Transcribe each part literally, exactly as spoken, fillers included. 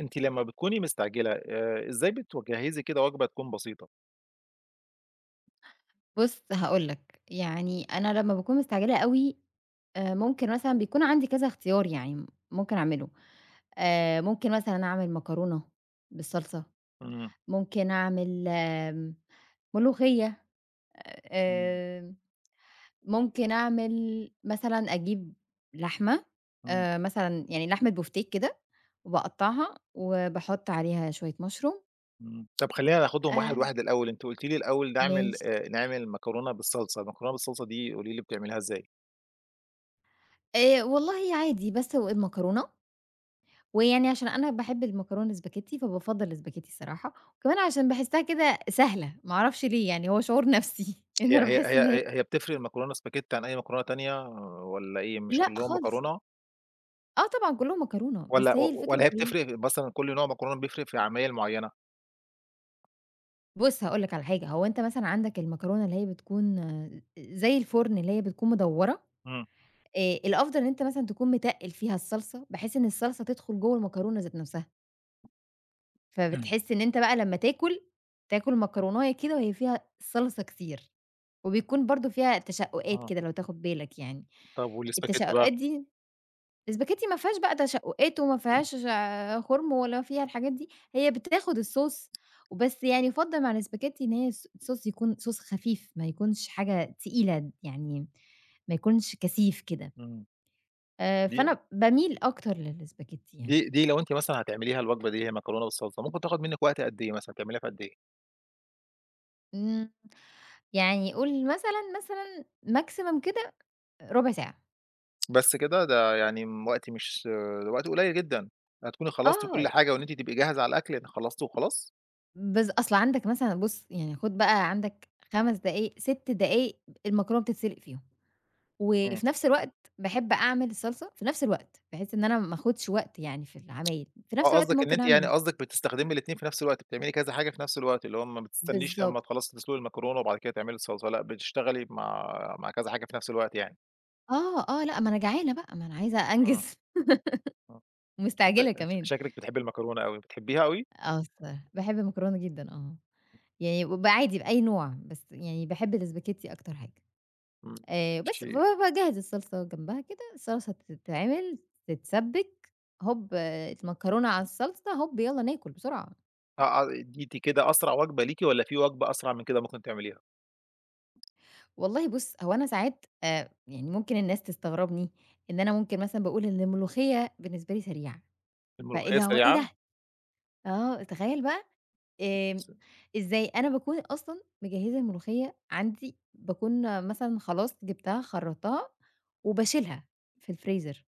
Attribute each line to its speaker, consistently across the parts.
Speaker 1: أنتِ لمّا بتكوني مستعجلة، آآ إزاي بتوجهزي كده وجبة تكون بسيطة؟
Speaker 2: بُص هاقول لك، يعني أنا لمّا باكون مستعجلة أوي، آآ ممكن مثلًا بيكون عندي كذا اختيار يعني ممكن أعمله. آآ ممكن مثلًا أعمل مكرونة بالصلصة،
Speaker 1: امم.
Speaker 2: ممكن أعمل امم ملوخية،
Speaker 1: امم.
Speaker 2: امم ممكن أعمل مثلًا أجيب لحمة
Speaker 1: امم.
Speaker 2: آآ مثلًا يعني لحمة بوفتيك كده، وباقطّعها وباحط عليها شويّة مشروم.
Speaker 1: امم، طب خلّينا ناخدهم
Speaker 2: آآ
Speaker 1: واحد واحد الأول. أنتِ قُلتِ لي الأول نعمل
Speaker 2: ماشي.
Speaker 1: آآ نعمل مكرونة بالصلصة، المكرونة بالصلصة دي قولي لي بتعمليها إزاي؟
Speaker 2: آآ والله عادي، باسلق المكرونة، ويعني عشان أنا باحب المكرونة الاسباجيتي، فبافضل الاسباجيتي الصراحة. وكمان عشان باحسها كده سهلة ما أعرفش ليه، يعني هو شعور نفسي لأنه
Speaker 1: هي
Speaker 2: أنا
Speaker 1: هي
Speaker 2: باحس
Speaker 1: هي
Speaker 2: إن هي
Speaker 1: هي هي بتفرق مكرونة اسباجيتي عن أي مكرونة تانية، والّا إيه مش
Speaker 2: لأ
Speaker 1: كلّهم
Speaker 2: خالص.
Speaker 1: مكرونة؟
Speaker 2: آه طبعًا كلّهم مكرونة، بس
Speaker 1: والّا
Speaker 2: هي
Speaker 1: و والَا
Speaker 2: الفكرة
Speaker 1: هي
Speaker 2: كلها
Speaker 1: بتفرق بين مثلًا كل نوع مكرونة، بيفرق في عمايل معيّنة؟
Speaker 2: بُصّ، هاقول لك على حاجة هو أنت مثلًا عندك المكرونة اللي هي بتكون زي الفُرن اللي هي بتكون مدوَّرة،
Speaker 1: امم.
Speaker 2: آآ، الأفضل إن أنت مثلًا تكون متقِّل فيها الصلصة، بحيث إن الصلصة تدخل جوَّه المكرونة ذات نفسها.
Speaker 1: اهم.
Speaker 2: فبتحس إن أنت بقى لمَّا تاكل، تاكل مكروناية كده وهي فيها صلصة كتير، وبيكون برضه فيها تشقُّقات
Speaker 1: آه.
Speaker 2: كده لو تاخد بالك يعني،
Speaker 1: طب والإسباجيتّي بقى؟
Speaker 2: التشقُقات دي الإسباجيتّي ما فيهاش بقى تشقُقات وما فيهاش، خُرم ولا فيها الحاجات دي، هي بتاخد الSauce وبس يعني يُفضَّل مع الإسباجيتّي إن هي الص الSauce يكون Sauce خفيف ما يكونش حاجة تقيلة د يعني، ما يكونش كثيف كده.
Speaker 1: آمم،
Speaker 2: آآ،
Speaker 1: دي
Speaker 2: فأنا باميل أكتر للإسباجيتّي يعني.
Speaker 1: دي، دي لو أنتِ مثلًا هتعمليها الوجبة دي، اللي هي مكرونة بالصلصة ممكن تاخد منِّك وقت قد إيه مثلًا، تعمليها في قد إيه؟
Speaker 2: امم، يعني قُل مثلًا، مثلًا maximum كده، ربع ساعة.
Speaker 1: بس كده؟ ده يعني امم وقت مش وقت قُليّل جدًا، هتكوني خلّصتِ
Speaker 2: آه
Speaker 1: كل حاجة وإن أنتِ تبقي جاهزة على الأكل، يعني خلّصتِ وخلاص؟
Speaker 2: بس أصل عندك مثلًا بُصّ، يعني خد بقى عندك خَمَس دقايق ستّ دقايق المكرونة بتتسِلق فيهم،
Speaker 1: امم.
Speaker 2: وفي نفس الوقت باحب أعمل الصلصة في نفس الوقت، بحيث إن أنا ما اخدش وقت يعني في العمايل في نفس
Speaker 1: آه،
Speaker 2: الوقت
Speaker 1: قصدِك إن
Speaker 2: ممكن
Speaker 1: أنتِ
Speaker 2: أعمل
Speaker 1: يعني
Speaker 2: الص
Speaker 1: قصدِك بتستخدمي الاتنين في نفس الوقت، بتعملي كذا حاجة في نفس الوقت، اللي هو ما بتستنيش لمَّا
Speaker 2: بالضبط.
Speaker 1: تخلَّصي تسلُقي المكرونة، وبعد كده تعملي الصلصلة، لأ بتشتغلي مع مع كذا حاجة في نفس الوقت يعني؟
Speaker 2: آه، آه، لأ، ما أنا جعانة بقى، ما أنا عايزة
Speaker 1: آه.
Speaker 2: أنجز
Speaker 1: آه، شكل
Speaker 2: ومستعجلة كمان.
Speaker 1: شكلِك بتحبي المكرونة أوي، بتحبيها أوي؟
Speaker 2: آه، الصراحة باحب المكرونة جدًا آه، يعني ب عادي بأي نوع بس يعني باحب الاسباجيتي أكتر حاجة.
Speaker 1: امم،
Speaker 2: آآ،
Speaker 1: ش
Speaker 2: بس فباجهز الصلصة جنبها كده، الصلصة تتعمل تتسبك، هُب المكرونة على الصلصة، هُب يالّا ناكل بسرعة.
Speaker 1: آه، آه، دي دي كده أسرع وجبة ليكِ والّا في وجبة أسرع من كده ممكن تعمليها؟
Speaker 2: والله بُص، هو أنا ساعات آآ، يعني ممكن الناس تستغربني إن أنا ممكن مثلًا باقول إن الملوخية بالنسبة لي سريعة، فإيه
Speaker 1: الملوخية
Speaker 2: اللى هو إيه دة؟
Speaker 1: سريعة؟
Speaker 2: آه، تخيل بقى آمم، إزاي؟ أنا باكون أصلًا مجهزة الملوخية عندي، باكون مثلًا خلاص جبتها خرّطتها وباشيلها في الفريزر.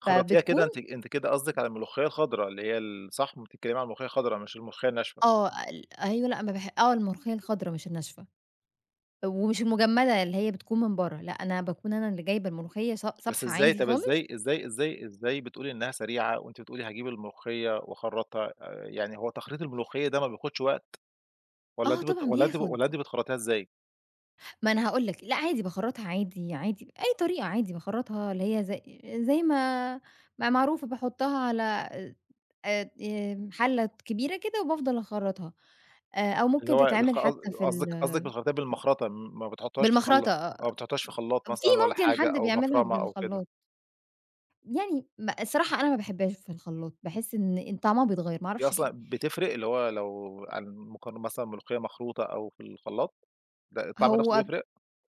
Speaker 1: خرّطتيها كده
Speaker 2: فبتكون
Speaker 1: أنتِ أنتِ كده قصدِك على الملوخية الخضرا اللي هي ال صح، بتتكلمي على الملوخية الخضرا مش الملوخية الناشفة؟
Speaker 2: آه، ال أيوه. لأ، ما باح آه، الملوخية الخضرا مش الناشفة، ومش المجمدة اللي هي بتكون من بره، لأ، أنا باكون أنا اللي جايبة الملوخية ص
Speaker 1: بس
Speaker 2: صابحة
Speaker 1: إزاي؟
Speaker 2: عادي
Speaker 1: طب،
Speaker 2: خالص.
Speaker 1: إزاي إزاي إزاي إزاي بتقولي إنها سريعة وأنتِ بتقولي هاجيب الملوخية واخرّطها آآ، يعني هو تخريط الملوخية ده ما بياخدش وقت؟ والّا
Speaker 2: آه
Speaker 1: أنتِ بت
Speaker 2: طبعًا،
Speaker 1: والّا أنتِ ب
Speaker 2: بياخد.
Speaker 1: والّا أنتِ بتخرّطيها إزاي؟
Speaker 2: ما أنا هاقول لك، لأ، عادي باخرّطها عادي عادي، بأي طريقة عادي، باخرّطها اللي هي ز زي ما ما هي معروفة، باحطها على آآ، آآ، حلة كبيرة كده وبافضل أخرّطها. آآ، أو
Speaker 1: اللي
Speaker 2: ممكن
Speaker 1: هو
Speaker 2: تتعمل
Speaker 1: بالخ قص
Speaker 2: حتى في
Speaker 1: قصدِك قصدِك
Speaker 2: ال
Speaker 1: بتخرطيها بالمخرطة، م ما بتحطهاش في خلاط
Speaker 2: بالمخرطة آآ،
Speaker 1: ما بتحطهاش في خلاط
Speaker 2: في
Speaker 1: مثلًا والّا
Speaker 2: ممكن
Speaker 1: حاجة
Speaker 2: حد
Speaker 1: أو
Speaker 2: بيعملها
Speaker 1: مفرمة أو كده.
Speaker 2: بالخلاط. يعني م الصراحة أنا ما باحبهاش في الخلاط، باحس إن إن طعمها بيتغير ما
Speaker 1: هي
Speaker 2: أعرفش ليه.
Speaker 1: أصلًا بتفرق، اللي هو لو على المقارنة مثلًا ملوخية مخروطة أو في الخلاط؟ ده الطعم نفسه
Speaker 2: هو
Speaker 1: بيفرق؟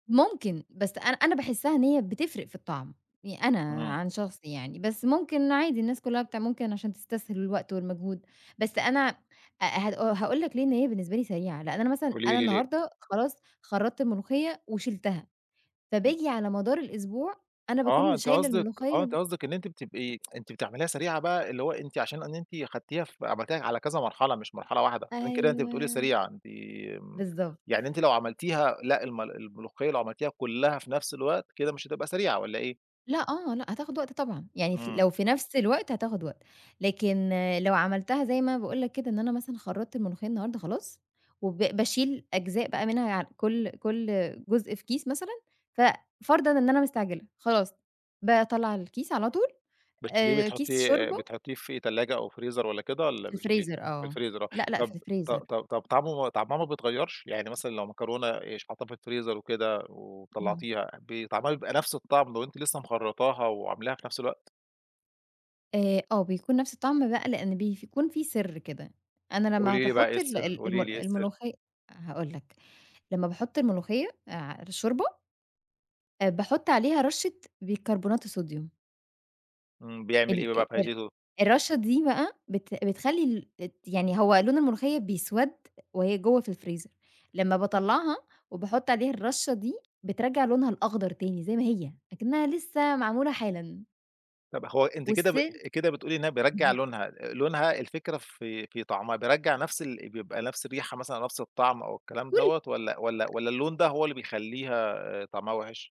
Speaker 2: ممكن بس أنا أنا باحسها إن هي بتفرق في الطعم، يع أنا
Speaker 1: إمم.
Speaker 2: عن شخصي يعني، بس ممكن عادي الناس كلها بتع ممكن عشان تستسهل الوقت والمجهود، بس أنا آآ، هأ هاقول لك ليه إن هي بالنسبة لي سريعة، لأن أنا مثلًا
Speaker 1: قولي
Speaker 2: أنا
Speaker 1: لي، ليه؟
Speaker 2: النهاردة خلاص خرّطت الملوخية وشِلتها،
Speaker 1: إمم.
Speaker 2: فباجي على مدار الأسبوع أنا باكون
Speaker 1: آه، أنتِ
Speaker 2: شايلة
Speaker 1: قصدِك
Speaker 2: الملوخية
Speaker 1: آه، أنت
Speaker 2: د
Speaker 1: قصدِك إن أنتِ بتبقي أنتِ بتعمليها سريعة بقى، اللي هو أنتِ عشان إن أنتِ أخدتيها ف عملتيها على كذا مرحلة مش مرحلة واحدة، عشان كده أنتِ بتقولي
Speaker 2: أيوه،
Speaker 1: سريعة أنتِ
Speaker 2: بالضبط.
Speaker 1: يعني أنتِ لو عملتيها لأ، الم الملوخية لو عملتيها كلها في نفس الوقت، كده مش هتبقى سريعة، والّا إيه؟
Speaker 2: لأ، آه، لأ، هتاخد وقت طبعًا يعني ف
Speaker 1: إمم.
Speaker 2: لو في نفْس الوقت هتاخد وقت، لكن لو عملْتها زي ما أنا باقول لك كده إن أنا مثلًا خرّطت الملوخية النهاردة خلاص، وب باشيل أجزاء بقى منها كل كل جزء في كيس مثلًا ف فرضًا إن أنا مستعجلة، خلاص باطلّع الكيس على طول
Speaker 1: بتشيليه
Speaker 2: آآ، كيس
Speaker 1: بتحُطيه آآ،
Speaker 2: شوربة.
Speaker 1: بتحطيه في تلاجة أو فريزر والّا كده والّا
Speaker 2: في
Speaker 1: بتشيليه
Speaker 2: الفريزر آه،
Speaker 1: فالفريزر آه.
Speaker 2: لأ، لأ في
Speaker 1: طب، ط
Speaker 2: الفريزر.
Speaker 1: ط طب، طعمُه ما طعمها ما بيتغيّرش يعني مثلًا لو مكرونة إيش حاطّة في الفريزر وكده
Speaker 2: امم.
Speaker 1: وطلّعتيها، بيتعمل بقى نفس الطَّعم لو أنتِ لسه مخرّطاها، وعاملاها في نفس الوقت؟
Speaker 2: آآ، آه، بيكون نفس الطَّعم بقى لأن بيف كون فيه سر كده، أنا لما
Speaker 1: قولي لي بقى، إيه
Speaker 2: باحط ال
Speaker 1: السّر،
Speaker 2: ال
Speaker 1: قولي لي
Speaker 2: المل
Speaker 1: إيه السر؟
Speaker 2: الملوخي هاقول لك، لما باحط الملوخية على الشوربة باحط عليها رشّة بيكربونات الصوديوم.
Speaker 1: امم، بيعمِل
Speaker 2: ال
Speaker 1: إيه بقى
Speaker 2: ال
Speaker 1: فايدتُه؟
Speaker 2: الرشّة دي بقى بت بتخلّي الت يعني هو لون الملوخية بيسوَد وهي جوا في الفريزر، لما
Speaker 1: امم.
Speaker 2: باطلّعها وباحط عليها الرشّة دي بترجَّع لونها الأخضر تاني زي ما هي أكنها لسه معمولة حالًا.
Speaker 1: طب هو أنتِ كده ب
Speaker 2: والسن
Speaker 1: كده بتقولي إنّها بيرجع
Speaker 2: اهم.
Speaker 1: لونها، لونها، الفكرة في في طعمها بيرجَّع نفس ال بيبقى نفس الريحة مثلًا، نفس الطعم أو الكلام
Speaker 2: كل
Speaker 1: دَوَّة، والَّا والَّا والَّا اللون ده هو اللي بيخلّيها طعمها وِحِش؟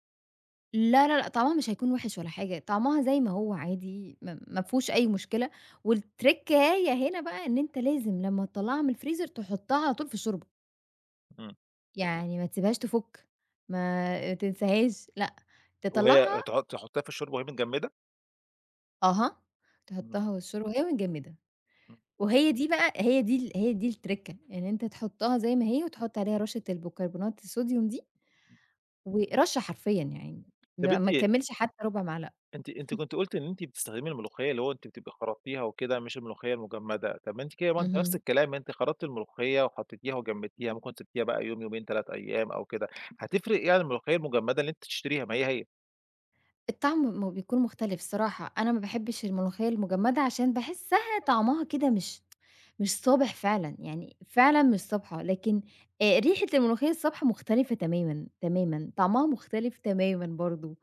Speaker 2: لا، لا، لا، طعمَها مش هيكون وِحِش ولا حاجة، طعمَها زي ما هو عادي، ما مافيهوش أي مشكلة، والتريكاية هنا بقى إن أنت لازم لمَّا تطلَّعها من الفريزر تحطَّها على طول في الشوربة.
Speaker 1: إمم.
Speaker 2: يعني ما تسيبهاش تفُّك، ما تنساهاش لأ،
Speaker 1: وهي
Speaker 2: تِطلَّعها
Speaker 1: تحط تحطيها في الشوربة وهي متجمّدة؟
Speaker 2: أها،
Speaker 1: إمم.
Speaker 2: تحطَّها والشوربه وهي متجمّده،
Speaker 1: إمم.
Speaker 2: وهي دي بقى هي دي ال هي دي الترِكَّة إن أنتَ تحطَّها زي ما هي، وتحط عليها رشَّة البيكربونات الصوديوم دي، و رشَّة حرفيًا يعني
Speaker 1: طب
Speaker 2: ما
Speaker 1: أنتِ
Speaker 2: ما تكمِّلش حتّى رُبع معلقة.
Speaker 1: أنتِ، أنتِ كنتِ قلتِ إن أنتِ بتستخدمي الملوخيّة اللي هو أنتِ بتبقى خَرَطتيها وكده، مش الملوخيّة المجمّدة، طب أنتِ كده ما أنتِ نفس
Speaker 2: اهم.
Speaker 1: الكلام، أنتِ خرطّتي الملوخيّة وحطّيتيها وجمّدتيها، ممكن سبتيها بقى يوم يومين تلات أيّام أو كده، هتفرق ايه عن الملوخيّة المجمّدة اللي أنتِ بتشتريها؟ ما هي، هي.
Speaker 2: الطعم م بيكون مُختلف الصراحة، أنا ما باحبِّش الملوخيّة المجمّدة عشان باحسِّها طعمَها كده مش مش صابِح فعلًا، يعني فعلًا مش صابحة، لكن آآ، ريحة الملوخيّة الصابحة مُختلِفة تمامًا، تمامًا، طعمَها مُختلف تمامًا برضه،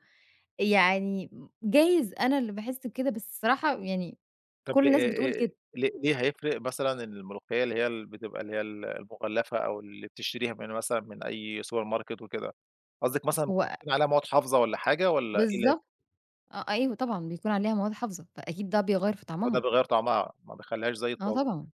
Speaker 2: يعني م جايز أنا اللي باحِسّ بكده، بس الصراحة يعني
Speaker 1: طب
Speaker 2: كل
Speaker 1: لي
Speaker 2: الناس
Speaker 1: إي
Speaker 2: بتقول كده.
Speaker 1: إي ليه هيفرق مثلًا الملوخيّة اللي هي بتبقى اللي هي ال المُغَلَّفة، أو اللي بتشتريها من مثلًا من أي سوبر ماركت وكده؟ قصدك مثلًا ممكن
Speaker 2: هو
Speaker 1: يكون عليها مواد حافظة والَّا حاجة والَّا [unintelligible]
Speaker 2: بالضبط، آه، أيوه طبعًا، بيكون عليها مواد حافظة، فأكيد ده بيغيَّر في
Speaker 1: آه، ده
Speaker 2: طعمَها.
Speaker 1: بيغيّر طعمَها ما بيخليهاش زي
Speaker 2: آه
Speaker 1: الطازة.
Speaker 2: طبعًا،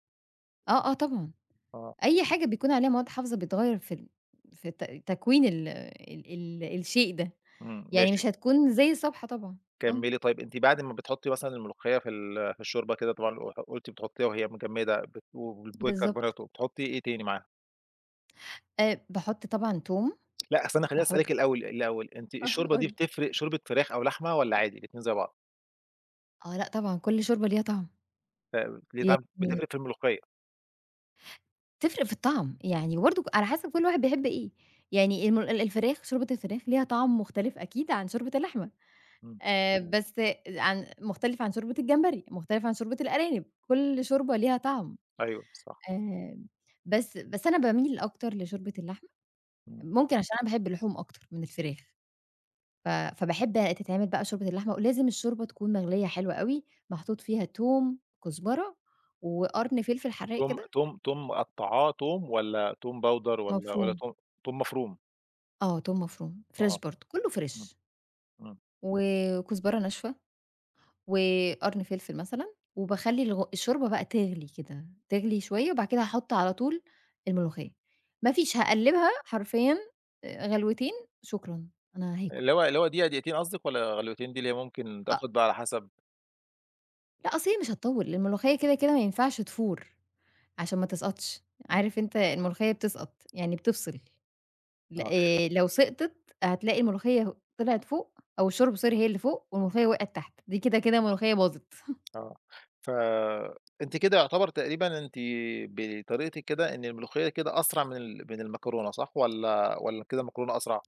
Speaker 2: آه، آه طبعًا،
Speaker 1: آه.
Speaker 2: أي حاجة بيكون عليها مواد حافظة بيتغيّر في ال في الت تكوين ال ال ال الشيء ده،
Speaker 1: امم،
Speaker 2: يعني
Speaker 1: ماشي
Speaker 2: مش هتكون زي الصابحة طبعًا، آه.
Speaker 1: كمِّلي طيّب، أنتِ بعد ما بتحطّي مثلًا الملوخيّة في ال في الشوربة كده، طبعًا قُ قلتِ بتحطّيها وهي مجمدة، [unintelligible]
Speaker 2: بالضبط.
Speaker 1: الكربوناتو، بتحطي إيه تاني معاها.
Speaker 2: آآ باحُط طبعًا توم،
Speaker 1: لأ، أصل أنا خلّيني
Speaker 2: باحُط
Speaker 1: أسألِك الأول الأول، أنتِ
Speaker 2: آه
Speaker 1: الشوربة
Speaker 2: قٌل
Speaker 1: دي
Speaker 2: لي.
Speaker 1: بتفرق شوربة فراخ أو لحمة، والّا عادي الاتنين زي بعض؟
Speaker 2: آه لأ طبعًا، كل شوربة ليها طعم.
Speaker 1: آآ ليه طعم،
Speaker 2: يعني
Speaker 1: بتفرق في الملوخية.
Speaker 2: تفرق في الطعم، يعني برضه على حسب كل واحد بيحب إيه، يعني الم ال الفراخ شوربة الفراخ ليها طعم مختلف أكيد عن شوربة اللحمة،
Speaker 1: إمم.
Speaker 2: آآ بس عن مختلف عن شوربة الجمبري، مختلف عن شوربة الأرانب، كل شوربة ليها طعم،
Speaker 1: أيوه صح.
Speaker 2: آآ بس بس أنا باميِل أكتر لشوربة اللحمة،
Speaker 1: إمم.
Speaker 2: ممكن عشان أنا باحب اللحوم أكتر من الفراخ، ف فباحب تتعمل بقي شوربة اللحمة، ولازم الشوربة تكون مغليه حلو أوي، محطوط فيها توم، كزبرة، وقرن فلفل حرّاق
Speaker 1: توم
Speaker 2: كده.
Speaker 1: توم توم مقطّعاه توم والّا توم باودر، والّّا والّّا
Speaker 2: مفروم.
Speaker 1: توم توم مفروم؟
Speaker 2: آه توم مفروم، فريش
Speaker 1: آه
Speaker 2: برضه، كله
Speaker 1: إمم،
Speaker 2: فريش.
Speaker 1: إمم.
Speaker 2: و وكزبرة ناشفه، وقرن فلفل مثلًا، وباخلي الغ الشوربة بقى تغلي كده تغلي شوية، وبعد كده هاحُط علي طول الملوخية، مافيش هاقلّبها حرفيًا آآ غلوتين، شكرًا أنا
Speaker 1: اللي
Speaker 2: هاكل.
Speaker 1: هو اللي هو دقيقة دقيقتين قصدِك، والّا غلوتين دي اللي هي ممكن
Speaker 2: أ
Speaker 1: تاخد بقي على حسب؟
Speaker 2: لا أصل هي مش هتطوّل، لأن الملوخية كده كده ما ينفعش تفور، عشان ما تسقطش،
Speaker 1: إمم.
Speaker 2: عارف أنت الملوخية بتسقط يعني بتفصل، لأ
Speaker 1: آه.
Speaker 2: آآ، لو سقطت هتلاقي الملوخية طلعت فوق، أو الشوربة sorry هي اللي فوق، والملوخية وقعت تحت، دي كده كده ملوخية باظت.
Speaker 1: آه ف أنتِ كده يعتبر تقريبًا، أنتِ بطريقتِك كده إن الملوخية كده أسرع من ال من المكرونة، صح والّا والّا كده المكرونة أسرع؟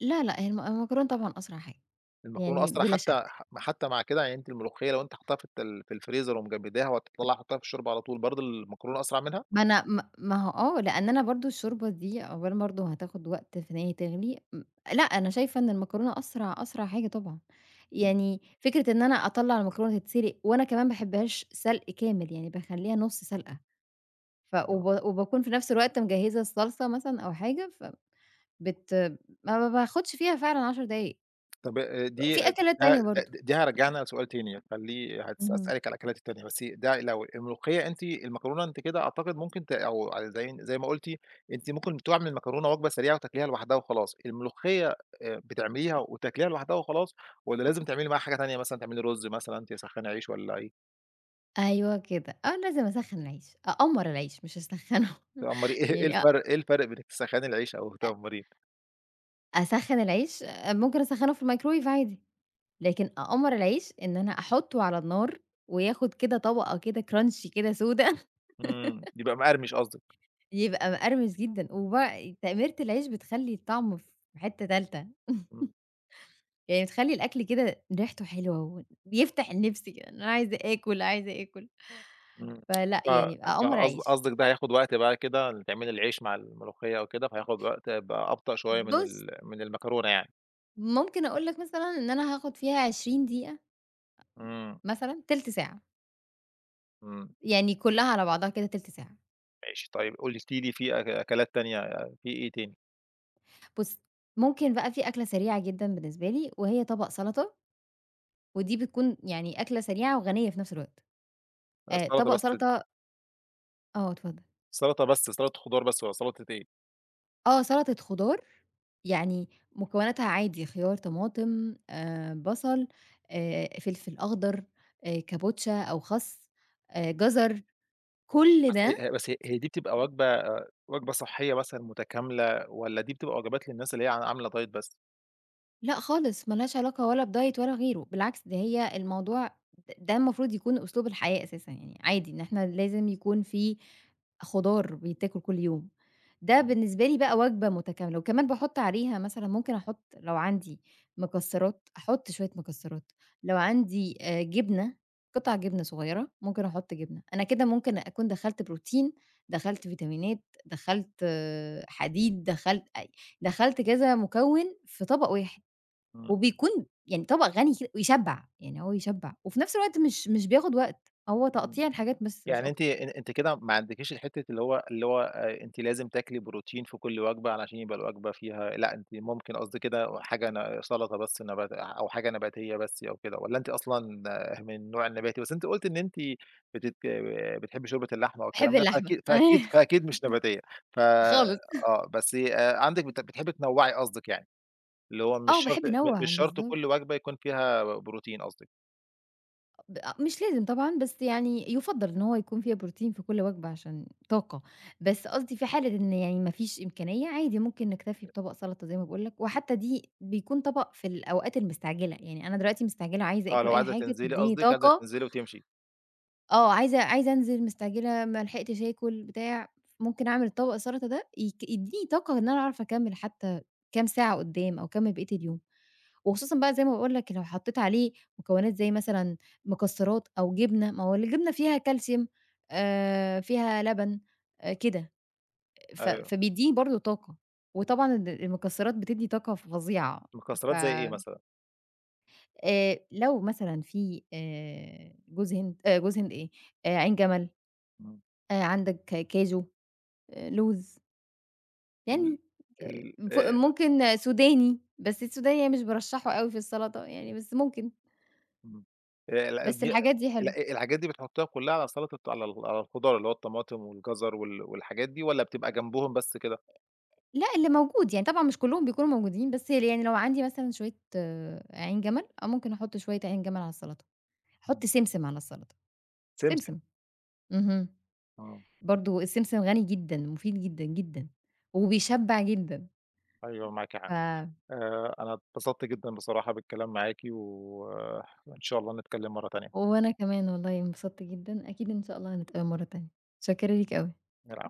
Speaker 2: لا لأ، هي الم المكرونة طبعًا أسرع حاجة،
Speaker 1: المكرونة
Speaker 2: يعني
Speaker 1: أسرع
Speaker 2: بلا
Speaker 1: حتى
Speaker 2: شك.
Speaker 1: م حتى مع كده، يعني أنتِ الملوخية لو أنتِ حاطّاها في الت في الفريزر ومجمّداها، وهتطلع حطّاها في الشوربة على طول، برضه المكرونة أسرع منها؟
Speaker 2: ما أنا ما ما هو آه، لأن أنا برضه الشوربة دي أولًا برضه هتاخد وقت في إن هي تغلي، ام لأ أنا شايفة إن المكرونة أسرع أسرع حاجة طبعًا،
Speaker 1: إمم.
Speaker 2: يعني فكرة إن أنا أطلّع المكرونة تتسلق، وأنا كمان باحبهاش سلق كامل يعني باخليها نص سلقة، ف
Speaker 1: [unintelligible]
Speaker 2: وب وباكون في نفس الوقت مجهّزة الصلصة مثلًا أو حاجة، فب بت ما ب باخدش فيها فعلًا عَشَر دقايق،
Speaker 1: طب آآ دي
Speaker 2: في
Speaker 1: د
Speaker 2: أكلات
Speaker 1: ده
Speaker 2: تانية برضه
Speaker 1: د دي هارجعنا لسؤال تاني خليه هاس
Speaker 2: اهم.
Speaker 1: هاسألِك على الأكلات التانية، بس ي ده لو الملوخية أنتِ المكرونة أنتِ كده أعتقد ممكن ت أو زي زي ما قُلتِ، أنتِ ممكن تعملي المكرونة وجبة سريعة وتاكليها لوحدها وخلاص، الملوخية آآ بتعمليها وتاكليها لوحدها وخلاص، والّا لازم تعملي معاها حاجة تانية، مثلًا تعملي رز، مثلًا تسخني عيش والّا إيه؟
Speaker 2: أيوه كده. أنا لازم أسخّن العيش، أقمّر العيش مش أسخّنه
Speaker 1: تقمّري إيه إيه
Speaker 2: يعني أ
Speaker 1: الفرْق إيه الفرْق بين إنِّك تسخّني العيش أو
Speaker 2: آآ
Speaker 1: تقمّريه؟
Speaker 2: أسخّن العيش؟ ممكن أسخّنه في الميكروويف عادي. لكن أقمّر العيش، إن أنا أحطُّه على النار وياخد كده طبَقة كده كرانشي كده سودا.
Speaker 1: إمم. بيبقى مقرمِش قصدِك.
Speaker 2: يبقى مقرمش جدًا. وبقى تقميرة العيش بتخلّي الطعم في حِتّة تالتة
Speaker 1: إمم.
Speaker 2: يعني تخلّي الأكل كده ريحته حلوة و بيفتَح النِّفس كده. إن أنا عايزة آكُل، عايزة آكُل.
Speaker 1: إمم.
Speaker 2: فلأ
Speaker 1: ف
Speaker 2: يعني، أقمّر
Speaker 1: فقص
Speaker 2: أعيش.
Speaker 1: قصدك ده هياخد وقت بقى كده، تعملي العيش مع الملوخيّة أو كده، فهياخد يبقى وقت أب أبطأ شويّة من
Speaker 2: بُص
Speaker 1: ال من المكرونة يعني.
Speaker 2: ممكن أقول لك مثلًا إن أنا هاخد فيها عشرين دقيقة، أم
Speaker 1: إمم.
Speaker 2: مثلًا، تِلت ساعة.
Speaker 1: إمم.
Speaker 2: يعني كُلّها على بعضها كده تِلت ساعة.
Speaker 1: ماشي، طيب قلتِ لي فيه أك أكلات تانية، في إيه تاني؟
Speaker 2: بُص، ممكن بقى في أكلَة سريعة جدًا بالنسبة لي، وهي طبَق سلطة. ودي بتكُون يعني أكلَة سريعة وغنية في نفس الوقت. آآ
Speaker 1: السّلطة
Speaker 2: طبق
Speaker 1: بس
Speaker 2: سلطة آه، اتفضل.
Speaker 1: سلطة بس، سلطة خضار بس والّا سلطة إيه؟
Speaker 2: آه، سلطة خضار يعني مكوناتها عادي خيار، طماطم، آآ بصل، آآ فلفل أخضر، آآ كابوتشا أو خس، آآ جزر، كل
Speaker 1: بس
Speaker 2: ده
Speaker 1: ه هي بس هي دي بتبقى وجبة آآ وجبة صحية مثلًا متكاملة والّا دي بتبقى وجبات للناس اللي هي ع عاملة دايت بس؟
Speaker 2: لأ خالص، ما لهاش علاقة ولا بدايت ولا غيره، بالعكس، ده هي الموضوع د ده المفروض يكون أسلوب الحياة أساسًا يعني، عادي إن إحنا لازم يكون في خضار بيتاكل كل يوم. ده
Speaker 1: امم.
Speaker 2: بالنسبة لي بقى وجبة متكاملة وكمان باحُط عليها مثلًا ممكن أحُط لو عندي مكسرات، أحُط شوية مكسرات، لو عندي آآ جبنة، قطع جبنة صغيرة، ممكن أحُط جبنة، أنا كده ممكن أكون دخَّلت بروتين، دخَّلت فيتامينات، دخَّلت حديد، دخَّلت أي دخَّلت كذا مكوِّن في طبق واحد،
Speaker 1: إمم.
Speaker 2: وبيكون يعني طبق غني كد ويشَّبع، يعني هو يشَّبع، وفي نفس الوقت مش مش بياخد وقت، هو
Speaker 1: إمم،
Speaker 2: تقطيع الحاجات بس مش
Speaker 1: يعني أنتِ
Speaker 2: أكتر.
Speaker 1: أن أنتِ كده ما عندكيش الحتة اللي هو اللي هو آآ أنتِ لازم تاكلي بروتين في كل وجبة علشان يبقى الوجبة فيها لأ، أنتِ ممكن قصدي كده وحاجة ن سلطة بس نبات أو حاجة نباتية بس أو كده والّا أنتِ أصلًا ه من النوع النباتي؟ بس أنتِ قُلتِ إن أنتِ بتت بتحبي شوربة اللحمة
Speaker 2: باحب
Speaker 1: والكلام ده،
Speaker 2: اللحمة،
Speaker 1: فأكيد فأكيد فأكيد
Speaker 2: أيوه،
Speaker 1: مش نباتية، ف
Speaker 2: خالص.
Speaker 1: آه، بس آآ عندِك بت بتحبي تنوعي قصدِك يعني، اللي هو مش
Speaker 2: آه،
Speaker 1: شرط
Speaker 2: باحب
Speaker 1: م
Speaker 2: أنوَّع،
Speaker 1: مش شرط
Speaker 2: بالضبط.
Speaker 1: كل وجبة يكون فيها بروتين قصدِك؟
Speaker 2: ب أ مش لازم طبعًا بس يعني يُفَضَّل إن هو يكون فيها بروتين في كل وجبة عشان طاقة. بس قصدي في حالة إن يعني ما فيش إمكانية، عادي ممكن نكتَفي
Speaker 1: [unintelligible]
Speaker 2: بطبق سلطة زي ما باقول لك، وحتى دي بيكون طبق في الأوقات المستعجلة. يعني أنا دلوقتي مستعجلة وعايزة
Speaker 1: آه،
Speaker 2: آكُل
Speaker 1: لو
Speaker 2: أي
Speaker 1: عايزة
Speaker 2: حاجة
Speaker 1: تِنزلي
Speaker 2: تديني
Speaker 1: قصدِك، عايزة
Speaker 2: طاقة.
Speaker 1: تِنزلي وتِمشي.
Speaker 2: آه، عايزة عايزة أنزل، مستعجلة، ما لحقتش آكُل، بتاع ممكن أعمل طبق السلطة ده ي يديني طاقة إن أنا أعرف أكمل حتى كام ساعة قدام أو أكمِّل بقية اليوم. وخصوصًا بقى زي ما باقول لك لو حطيت عليه مكونات زي مثلًا مكسرات أو جبنة، ما هو الجبنة فيها كالسيوم آآ، فيها لبن، كده ف
Speaker 1: أيوه.
Speaker 2: فبيدّيني برضه طاقة وطبعًا الم-المكسرات بتدي طاقة فظيعة ف
Speaker 1: مكسرات زي إيه مثلًا؟
Speaker 2: آآ، لو مثلًا في آآ، جوز هند آآ، جوز هند إيه، عين جَمل.
Speaker 1: إمم.
Speaker 2: آآ، عندك كاچو، لوز.
Speaker 1: ال
Speaker 2: يعني آآ،
Speaker 1: ال
Speaker 2: ف
Speaker 1: آآ
Speaker 2: ممكن سوداني، بس السوداني يعني مش بارَشَّحه أوي في السلطة يعني بس ممكن.
Speaker 1: اهم، آآ، لأ
Speaker 2: بس
Speaker 1: دي
Speaker 2: الحاجات دي حلوه.
Speaker 1: لأ، الحاجات دي بتحطّيها كلها على السَلَطَة عل على الخُضَار اللي هو الطماطم والجَزَر وال والحاجات دي والَّا بتبقى جَنبُهُم بس كده؟
Speaker 2: لأ، اللي موجود، يعني طبعًا مش كلهم بيكونوا موجودين بس يعني لو عندي مثلًا شوية عين جَمل أو ممكن أحُط شوية عين جَمل على السلطة. أحُط
Speaker 1: إمم.
Speaker 2: سمسم على السلطة.
Speaker 1: سمسم.
Speaker 2: سمسم، اهم.
Speaker 1: آه.
Speaker 2: برضه السمسم غني جدًا، مفيد جدًا، جدًا، وبيشبع جدًا.
Speaker 1: أيوه، معاكِ حق.
Speaker 2: ف
Speaker 1: آآ، أنا اتبسط جدًا بصراحة بالكلام معاكِ، و وإن شاء الله نتكلّم مرة تانية.
Speaker 2: وأنا كمان والله انبسط جدًا، أكيد إن شاء الله هنتقابل مرة تانية. متشكرة ليك أوي.
Speaker 1: العفو.